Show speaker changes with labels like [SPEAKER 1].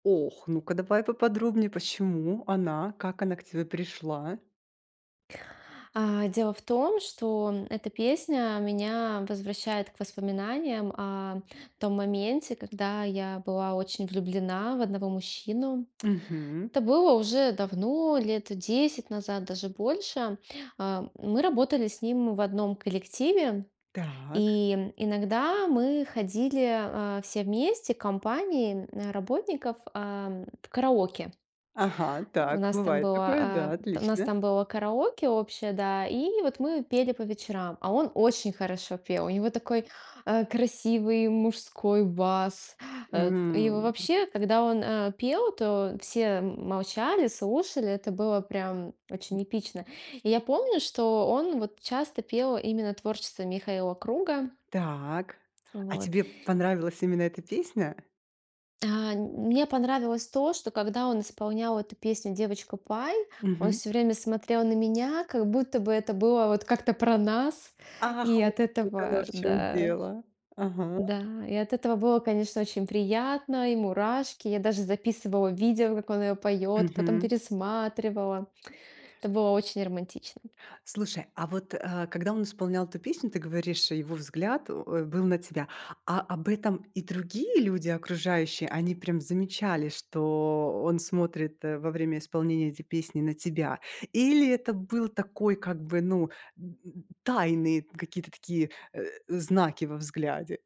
[SPEAKER 1] Ох, ну-ка давай поподробнее, почему она, как она к тебе пришла?
[SPEAKER 2] А, дело в том, что эта песня меня возвращает к воспоминаниям о том моменте, когда я была очень влюблена в одного мужчину.
[SPEAKER 1] Мгм.
[SPEAKER 2] Это было уже давно, лет 10 назад, даже больше. Э, мы работали с ним в одном коллективе,
[SPEAKER 1] Так.
[SPEAKER 2] и иногда мы ходили, э, все вместе, компанией, э, работников, э, в караоке.
[SPEAKER 1] Ага,
[SPEAKER 2] У
[SPEAKER 1] так,
[SPEAKER 2] нас там
[SPEAKER 1] бывает такое.
[SPEAKER 2] было,
[SPEAKER 1] Да,
[SPEAKER 2] э, у нас
[SPEAKER 1] отлично.
[SPEAKER 2] там было караоке общее, да, и вот мы пели по вечерам. А он очень хорошо пел, у него такой, э, красивый мужской бас. Э, и
[SPEAKER 1] М.
[SPEAKER 2] вообще, когда он, э, пел, то все м молчали, слушали, это было прям очень
[SPEAKER 1] М.
[SPEAKER 2] эпично. И я помню, что он вот часто пел именно творчество Михаила Круга.
[SPEAKER 1] Так. А
[SPEAKER 2] Вот.
[SPEAKER 1] тебе понравилась именно эта песня?
[SPEAKER 2] А, нь мне понравилось то, что, когда он исполнял эту песню "Девочка Пай", он
[SPEAKER 1] Мгм.
[SPEAKER 2] всё время смотрел на меня, как будто бы это было вот как-то про нас,
[SPEAKER 1] Ах,
[SPEAKER 2] и
[SPEAKER 1] вот
[SPEAKER 2] от
[SPEAKER 1] оно
[SPEAKER 2] этого,
[SPEAKER 1] в чём
[SPEAKER 2] да
[SPEAKER 1] дело. Ага.
[SPEAKER 2] да и от этого было, конечно, очень приятно, и мурашки. Я даже записывала видео, как он её поёт, потом
[SPEAKER 1] Мгм.
[SPEAKER 2] пересматривала. Это было очень романтично.
[SPEAKER 1] Слушай, а вот, э, когда он исполнял эту песню, ты говоришь, его взгляд, э, был на тебя. А об этом и другие люди, окружающие, они прям замечали, что он смотрит во время исполнения этой песни на тебя? Или это был такой как бы, ну, д тайные какие-то такие, э, знаки во взгляде?